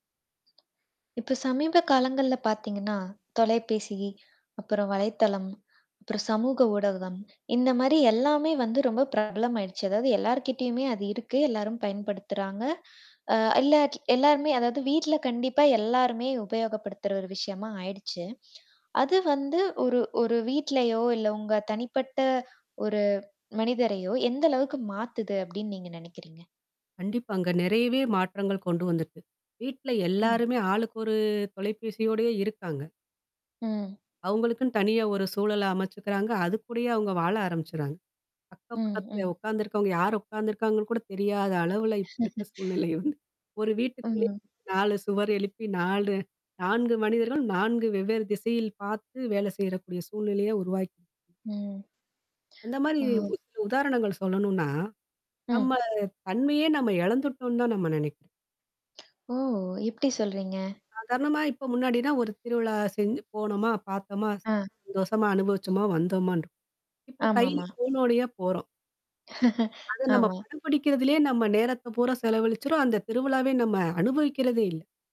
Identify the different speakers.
Speaker 1: இப்போ சமீப காலங்கள்ல பாத்திங்கன்னா தொலைபேசி, அப்புறம் வலைத்தளம், அப்புறம் சமூக ஊடகம் இந்த மாதிரி எல்லாமே வந்து ரொம்ப பிரபலமாயிடுச்சு. அதாவது எல்லார்கிட்டேயுமே அது இருக்கு, எல்லாரும் பயன்படுத்துறாங்க. அ எல்லா எல்லாருமே அதாவது வீட்டில கண்டிப்பா எல்லருமே உபயோகப்படுத்துற ஒரு விஷயமா ஆயிடுச்சு. அது வந்து ஒரு ஒரு வீட்லயோ இல்ல உங்க தனிப்பட்ட ஒரு மனிதரையோ, எந்த அளவுக்கு மாத்துது அப்படின்னு நீங்க நினைக்கிறீங்க?
Speaker 2: கண்டிப்பாங்க! நிறையவே மாற்றங்கள் கொண்டு வந்துருக்கு. வீட்ல
Speaker 1: ம்.
Speaker 2: எல்லோருமே ஆளுக்கு ஒரு தொலைபேசியோடயே இருக்காங்க.
Speaker 1: ம்.
Speaker 2: அவங்களுக்குன்னு தனியா ஒரு சூழல அமைச்சுக்கிறாங்க. அதுக்கூடயே அவங்க வாழ ஆரம்பிச்சுறாங்க. அக்கம்
Speaker 1: ம்,
Speaker 2: பக்கத்தில
Speaker 1: ம்.
Speaker 2: உட்காந்துருக்கவங்க, யாரு உட்காந்துருக்காங்கன்னு கூட தெரியாத அளவில இப்போ இருக்க சூழ்நிலை உண்டு. ஒரு வீட்டுக்குள்ளேயே
Speaker 1: ம்.
Speaker 2: 4 சுவர் எழுப்பி 4- 4 மனிதர்களும் 4 வெவ்வேறு திசையில் பார்த்து வேலை செய்றக்கூடிய சூழ்நிலையை உருவாக்கி
Speaker 1: ம்.
Speaker 2: அந்த மாதிரி
Speaker 1: வாவ்.
Speaker 2: சில உதாரணங்கள் சொல்லணும்னா, நம்ம
Speaker 1: ம்.
Speaker 2: தன்மையே நம்ம இழந்துட்டோம்னு தான் நம்ம நினைக்கிறோம்.
Speaker 1: ஓ! எப்படி சொல்றீங்க?
Speaker 2: சாதாரணமா இப்போ முன்னாடில்லாம் ஒரு திருவிழா செஞ்சு போனோமா, பார்த்தோமா,
Speaker 1: அ.
Speaker 2: சந்தோஷமா அனுபவிச்சோமா, வந்தோமான்னு இருப்போம். இப்போ
Speaker 1: ஆமா,
Speaker 2: கையில
Speaker 1: ஆமா!
Speaker 2: ஃபோனோடயே போறோம். அத நம்ம
Speaker 1: ஆமா.
Speaker 2: படம் பிடிக்கிறதிலேயே நம்ம நேரத்த பூரா செலவழிச்சுர்றோம் அந்த திருவிழாவ நம்ம அனுபவிக்கிறதே இல்ல.